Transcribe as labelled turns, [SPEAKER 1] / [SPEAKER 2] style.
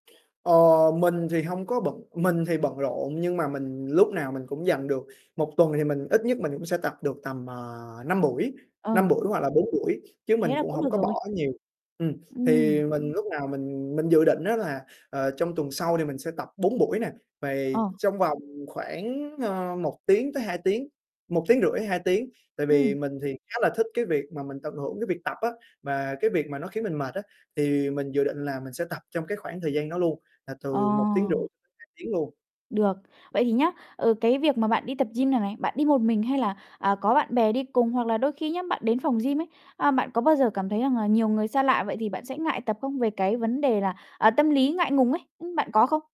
[SPEAKER 1] Ờ, mình thì hông có bận mình thì bận rộn nhưng mà mình lúc nào mình cũng dành được 1 tuần thì mình ít nhất mình cũng sẽ tập được tầm, ờ, 5 buổi,
[SPEAKER 2] Ờ.
[SPEAKER 1] 5 buổi hoặc là 4 buổi, chứ
[SPEAKER 2] Thế
[SPEAKER 1] mình
[SPEAKER 2] là
[SPEAKER 1] cũng
[SPEAKER 2] cũng
[SPEAKER 1] hổng
[SPEAKER 2] được
[SPEAKER 1] có
[SPEAKER 2] rồi.
[SPEAKER 1] bỏ nhiều ừm.
[SPEAKER 2] Ừm.
[SPEAKER 1] Thì mình lúc nào mình mình dự định á là, ờ, trong tuần sau thì mình sẽ tập 4 buổi nè, vầy
[SPEAKER 2] Ờ.
[SPEAKER 1] trong vòng khoảng, ơ, 1 tiếng tới 2 tiếng, 1,5 tiếng, 2 tiếng. Tại vì
[SPEAKER 2] Ừm.
[SPEAKER 1] mình thì khá là thích cái việc mà mình tận hưởng cái việc tập á mà cái việc mà nó khiến mình mệt á, thì mình dự định là mình sẽ tập trong cái khoảng thời gian đó luôn, là
[SPEAKER 2] Ờ.
[SPEAKER 1] từ 1,5 tiếng cho tới 2 tiếng luôn.
[SPEAKER 2] Được. Vậy thì nhá, ờ, cái việc mà bạn đi tập gym này này, bạn đi một mình hay là, à, có bạn bè đi cùng? Hoặc là đôi khi nhá, bạn đến phòng gym ấy, à, bạn có bao giờ cảm thấy rằng là nhiều người xa lạ vậy thì bạn sẽ ngại tập không? Về cái vấn đề là, ờ, tâm lý ngại ngùng ấy, ưm, bạn có không?